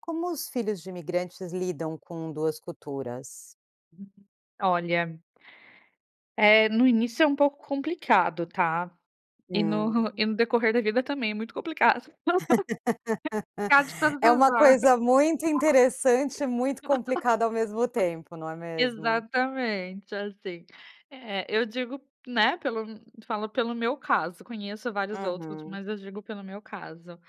Como os filhos de imigrantes lidam com 2 culturas? Olha é no início é um pouco complicado tá. E no e Hum. no decorrer da vida também é muito complicado. Complicado todas É as uma horas. coisa muito interessante e muito complicada ao mesmo tempo, não é mesmo? Exatamente, assim. É, eu digo, né, pelo falo pelo meu caso, conheço vários outros, Uhum. mas eu digo pelo meu caso.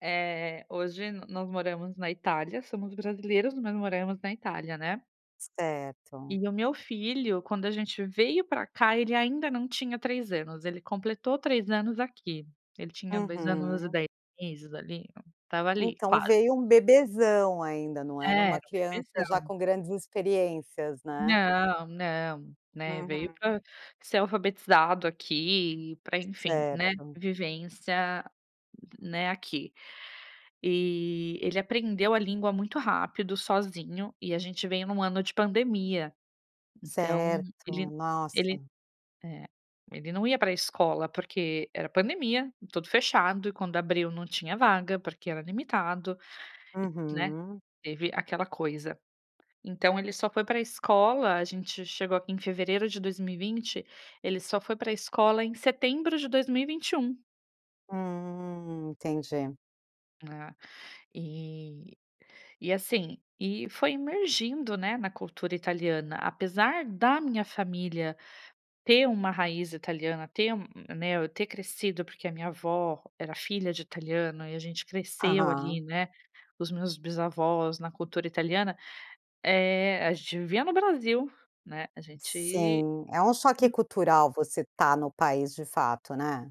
Eh, hoje nós moramos na Itália, somos brasileiros, mas moramos na Itália, né. Certo. E o meu filho, quando a gente veio para cá, ele ainda não tinha 3 anos, ele completou 3 anos aqui. Ele tinha 2 anos e Uhum. 10 meses ali, estava ali Então quase. veio um bebezão ainda não era É, era uma um criança já bebezão. com grandes experiências, né. Não, não, né, veio Uhum. para ser alfabetizado aqui, para enfim, né, Certo. vivência, né, aqui. E, ele aprendeu a língua muito rápido, sozinho, e a gente veio em um ano de pandemia. Então Certo, ele nossa. ele, é, ele não ia para escola porque era pandemia, tudo fechado, e quando abriu não tinha vaga porque era limitado, né, Uhum. teve aquela coisa. Então ele só foi para escola, a gente chegou em fevereiro de 2020, ele só foi para escola em setembro de 2021. Hum, entendi. Né, e e assim, e foi emergindo, né, na cultura italiana, apesar da minha família ter uma raiz italiana, ter m m né, eu ter crescido porque a minha avó era filha de italiano e a gente cresceu ali, Aham. né, os meus bisavós na cultura italiana, eh, a gente vivia no Brasil, né, a gente Sim, é um choque hum cultural você está no país de fato, né.